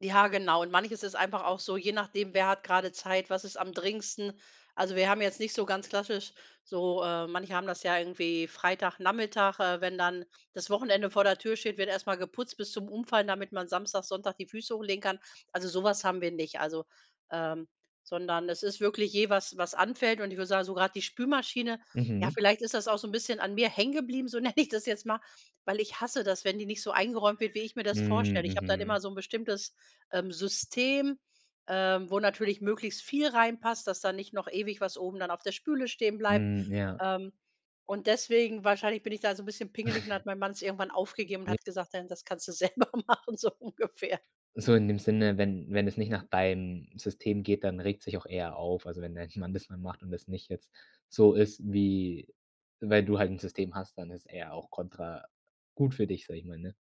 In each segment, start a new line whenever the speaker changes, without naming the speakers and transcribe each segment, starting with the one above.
Ja, genau. Und manches ist einfach auch so, je nachdem, wer hat gerade Zeit, was ist am dringendsten? Also, wir haben jetzt nicht so ganz klassisch so äh, manche haben das ja irgendwie Freitagnachmittag, äh, wenn dann das Wochenende vor der Tür steht, wird erst mal geputzt bis zum Umfallen, damit man Samstag, Sonntag die Füße hochlegen kann. Also, so was haben wir nicht, also ähm, sondern es ist wirklich je was was anfällt und ich würde sagen, so grad die Spülmaschine ja,
Mhm.
vielleicht ist das auch so 'n bisschen an mir hängen geblieben, so nenne ich das jetzt mal, weil ich hasse das, wenn die nicht so eingeräumt wird, wie ich mir das
Hm,
vorstelle. Ich habe dann
mhm.
immer so 'n bestimmtes, ähm, System, ähm, wo natürlich möglichst viel reinpasst, dass da nicht noch ewig was oben dann auf der Spüle stehenbleibt.
Hm, ja.
Ähm. Und deswegen wahrscheinlich, bin ich da so 'n bisschen pingelig und dann hat mein Mann es irgendwann aufgegeben und
J
hat gesagt: „Dann das kannst du selber machen“, so ungefähr.
So in dem Sinne, wenn wenn es nicht nach deinem System geht, dann regt sich auch er auf. Also, wenn dein Mann das mal macht und das nicht jetzt so ist, wie weil du halt 'n System hast, dann ist er auch kontra gut für dich, sage ich mal, ne?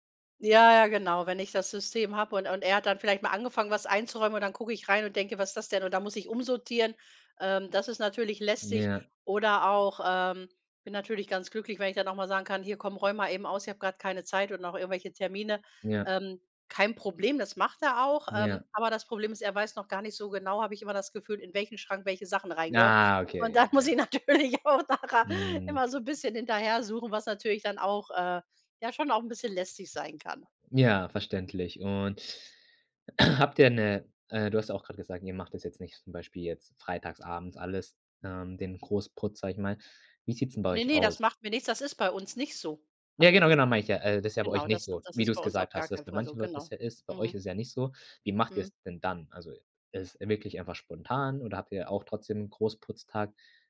Ja, ja, genau. Wenn ich das System habe und und er hat dann vielleicht mal angefangen, was einzuräumen und dann gucke ich rein und denke: „Was ist das denn?“ Und dann muss ich umsortieren. Ähm, das ist natürlich lästig
Ja.
oder auch ähm, ich bin natürlich ganz glücklich, wenn ich dann auch mal sagen kann: „Hier komm, räum mal eben aus, ich habe gerade keine Zeit und noch irgendwelche Termine.“
Ja.
Ähm, kein Problem, das macht er auch,
Ja.
ähm, aber das Problem ist, er weiß noch gar nicht so genau, habe ich immer das Gefühl, in welchen Schrank welche Sachen rein gehören.
Ah, okay,
Und
ja,
dann muss
ja.
ich natürlich auch nachher
Mhm.
immer so bisschen hinterher suchen, was natürlich dann auch äh, ja schon auch ein bisschen lästig sein kann.
Ja, verständlich. Und habt ihr 'ne äh, du hast auch grad gesagt, ihr macht das jetzt nicht zum Beispiel jetzt freitags abends alles, ähm, den Großputz, sage ich mal. Wie sieht's 'n bei
Ne,
euch
ne,
aus?
das macht mir nichts. Das ist bei uns nicht so,
Ja,
habe ich
genau, genau,
gesagt.
meine ich ja, das ist ja bei euch
Genau,
nicht
das
so,
das
wie
ist
du's
bei uns auf
gesagt
gar
hast, dass
keinen
bei
Fall so.
manchen Leuten das
Genau.
ja ist. Bei euch
Mhm.
ist ja nicht so. Wie macht
Mhm.
ihr's denn dann? Also, es wirklich einfach spontan oder habt ihr auch trotzdem Großputztag?